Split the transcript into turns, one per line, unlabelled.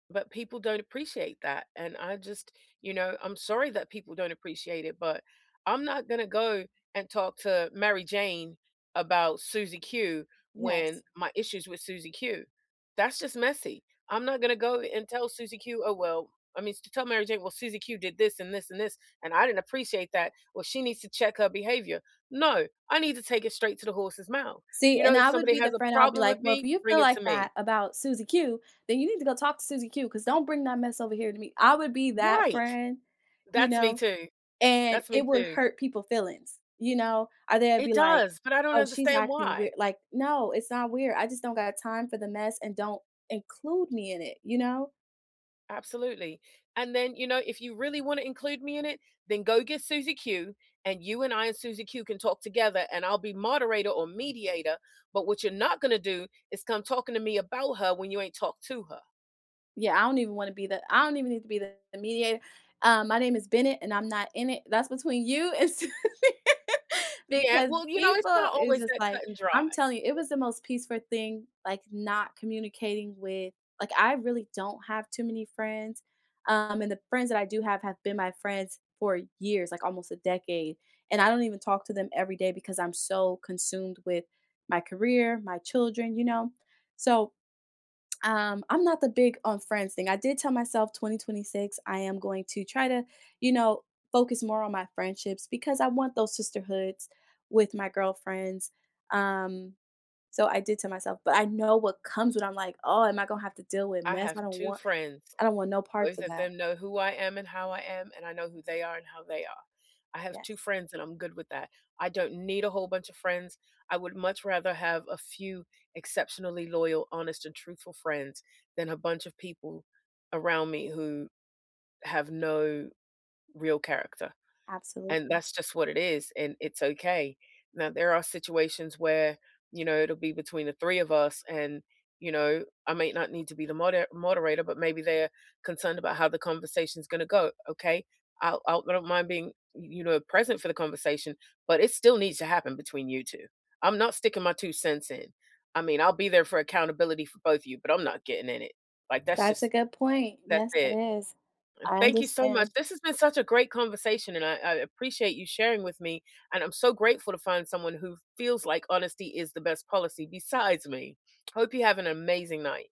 But people don't appreciate that, and I just You know, I'm sorry that people don't appreciate it, but I'm not gonna go and talk to Mary Jane about Susie Q, when
Yes.
my issues with Susie Q That's just messy. I'm not gonna go a and tell Susie Q, "Oh, well" I mean, to tell Mary Jane, "Well, Susie Q did this and this and this, and I didn't appreciate that. Well, she needs to check her behavior." "No, I need to take it straight to the horse's mouth.
See,
You know,
and
if
I would
somebody
be the
has a
friend, I'll be
problem
like,
with
"Well, if
me,
you feel
bring it
like
to me."
that about Susie Q, then you need to go talk to Susie Q, 'cause don't bring that mess over here to me." I would be that
Right!
friend, you
That's me
know,
too.
and
That's me
it would
too.
hurt people feelings, you know, or they’d be
It
like,
does, but I don't
"Oh, she's
understand
acting
why.
weird" like, "No, it's not weird, I just don't got time for the mess, and don't include me in it," you know?
Absolutely, "And then, you know, if you really wanna include me in it, then go get Susie Q, and you and I and Susie Q can talk together, and I'll be moderator or mediator, but what you're not gonna do, is come talking to me about her, when you ain't talked to her."
Yeah, I don't even wanna be the I don't even need to be the mediato "Uh, my name is Bennett, and I'm not in it. That's between you and Susie."
Yeah,
Because
well, you know, it's
people
not
is
always
just
that
like
cut-and-dry.
I'm telling you, it was the most peaceful thing, like, not communicating with Like, I really don't have too many friends, um, and the friends that I do have, have been my friends for years, like, almost a decade, and I don't even talk to them everyday, because I'm so consumed with my career, my children, you know? So, um, I'm not the big on friends thing. I did tell myself, "2026, I am going to try to, you know, focus more on my friendships," because I want those sisterhoods with my girlfriends, um, so, I did tell myself, but I know what comes when I'm like, "Oh, am I gonna have to deal with
I
mess?
have
I don't
2
want"
friends.
I don't want no parts
Both
of
of
that.
them know who I am and how I am, and I know who they are and how they are. I have 2
Yes.
friends and I'm good with that, I don't need a whole bunch of friends. I would much rather have a few, exceptionally loyal, honest and truthful friends, than a bunch of people around me who have no real character, and
Absolutely.
that's just what it is, and it's okay. Now there are situations where, you know, it'll be between the 3 of us and, you know, I might not need to be the moder moderator, but maybe they're concerned about how the conversation's gonna go, "Okay? I'll I'll I don't mind being, y you know, present for the conversation, but it still needs to happen between you 2. I'm not sticking my 2¢ in. I mean, I'll be there for accountability for both of you, but I'm not getting in it. Like that's
That's a
just
good point.
that's
Yes, it
it."
is. I
Thank you so much.
understand.
This has been such a great conversation, and I I appreciate you sharing with me, and I'm so grateful to find someone who feels like honesty is the best policy besides me. Hope you have an amazing night.